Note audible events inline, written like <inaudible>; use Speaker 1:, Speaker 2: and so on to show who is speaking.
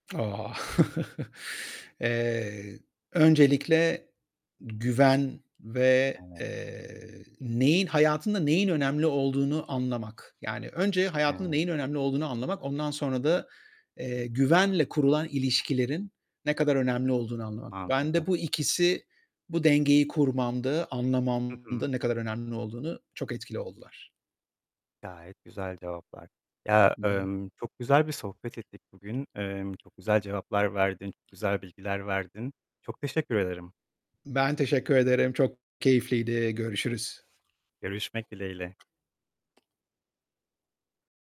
Speaker 1: Ah! <chuckles> Eee, öncelikle güven ve,
Speaker 2: Evet.
Speaker 1: eee, neyin hayatında neyin önemli olduğunu anlamak, yani, önce hayatında
Speaker 2: <unintelligible>
Speaker 1: neyin önemli olduğunu anlamak, ondan sonra da, eee, güvenle kurulan ilişkilerin ne kadar önemli olduğunu anlamak. Ben
Speaker 2: Mantıklı.
Speaker 1: de bu ikisi bu dengeyi kurmamda,
Speaker 2: Hı hı.
Speaker 1: anlamamda ne kadar önemli olduğunu çok etkili oldular.
Speaker 2: Gayet güzel cevaplar. Ya,
Speaker 1: Hı hı.
Speaker 2: emm, çok güzel bir sohbet ettik bugün. Emm, çok güzel cevaplar verdin. Çok güzel bilgiler verdin. Çok teşekkür ederim.
Speaker 1: Ben teşekkür ederim, çok keyifliydi, görüşürüz.
Speaker 2: Görüşmek dileğiyle.